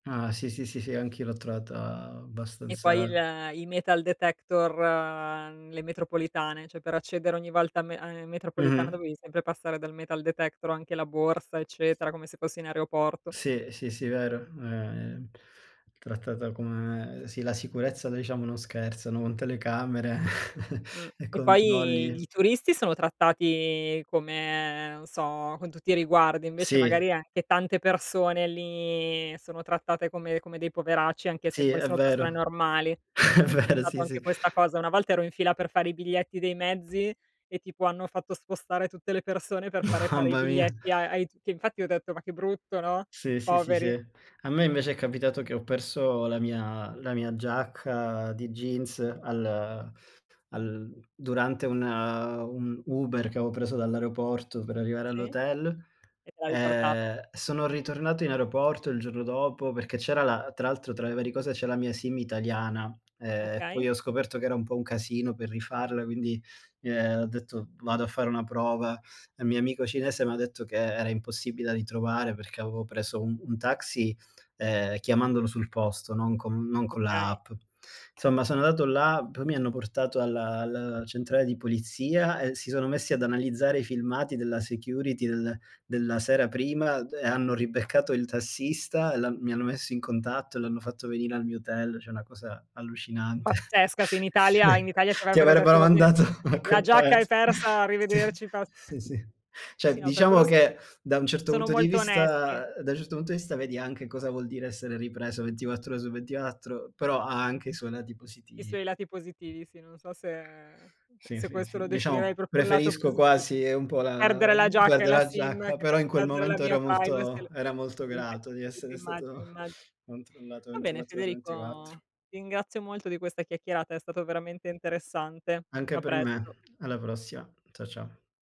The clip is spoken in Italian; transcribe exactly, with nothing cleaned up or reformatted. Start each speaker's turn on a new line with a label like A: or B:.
A: Ah sì, sì, sì, sì, anche io l'ho trovata
B: E poi
A: abbastanza
B: il i metal detector mhmm, le metropolitane, ceh, per accedere ogni volta a me a in metropolitana
A: Mh-mh.
B: dovevi sempre passare dal metal detector, anche la borsa, eccetera, come se fossi in aeroporto.
A: Sì, sì, sì, vero. È, mhmm, trattata come sì, la sicurezza là diciamo non scherzano, con telecamere
B: Mh,
A: e
B: e poi i
A: controlli
B: i turisti sono trattati come non so, con tutti i riguardi, invece
A: Sì.
B: magari anche tante persone lì sono trattate come come dei poveracci, anche se
A: Sì,
B: poi
A: è
B: sono persone
A: vero.
B: normali.
A: È
B: Ho
A: vero,
B: notato
A: sì, sì.
B: anche questa cosa. Una volta ero in fila per fare i biglietti dei mezzi e tipo hanno fatto spostare tutte le persone per fare fare i
A: Mamma mia.
B: biglietti a ai t che infatti ho detto: "Ma che brutto, no,
A: Sì, sì, sì, sì.
B: poveri."
A: A me invece è capitato che ho perso la mia la mia giacca di jeans al al durante un un Uber che avevo preso dall'aeroporto per arrivare
B: Sì? E
A: all'hotel.
B: te l'ha riporta
A: Ehm, sono ritornato in aeroporto il giorno dopo perché c'era la tra l'altro, tra le varie cose, c'è la mia SIM italiana. Ehm,
B: Okay.
A: poi ho scoperto che era un po' un casino per rifarla, quindi, ehm, ho detto: "Vado a fare una prova." Il mio amico cinese m'ha detto che era impossibile da ritrovare perché avevo preso un un taxi, ehm, chiamandolo sul posto, non con non con la
B: Okay.
A: app. Insomma, sono andato là, poi mi hanno portato alla alla centrale di polizia e si sono messi ad analizzare i filmati della security del della sera prima e hanno ribeccato il tassista e l'han mi hanno messo in contatto e l'hanno fatto venire al mio hotel. ceh, una cosa allucinante.
B: Pazzesca, sì, in Italia in Italia ti
A: Ti
B: avrebbero
A: avrebbero
B: detto: "Va bene,
A: mandato a
B: la
A: quel
B: giacca è
A: paese.
B: persa,
A: Sì,
B: arrivederci pas"
A: sì, sì.
B: sì,
A: ceh,
B: no, per
A: diciamo
B: quello sono
A: che da un certo
B: sono
A: punto di
B: molto onesti.
A: vista ehm, da un certo punto di vista vedi anche cosa vuol dire essere ripreso ventiquattr ore su ventiquattro, però ha anche i suoi lati
B: I
A: positivi.
B: suoi lati positivi, sì, non so se
A: Sì,
B: se
A: sì,
B: questo
A: sì.
B: lo definirei
A: Diciamo
B: proprio un lato
A: preferisco
B: positi
A: quasi un po' la
B: perdere la
A: mhmm,
B: giacca e
A: guarda,
B: la
A: la
B: SIM,
A: giacca,
B: [unintelligible]
A: però in quel
B: perdere la
A: momento era
B: mia privacy,
A: molto
B: l
A: era molto
B: quindi
A: grato di
B: quindi
A: essere
B: immagino,
A: stato
B: immagino.
A: controllato
B: Va bene,
A: ventiquattr ore su ventiquattro.
B: Federico, ti ringrazio molto di questa chiacchierata, è stato veramente interessante.
A: Anche
B: A
A: per
B: presto.
A: me. Alla prossima. Cia ciao.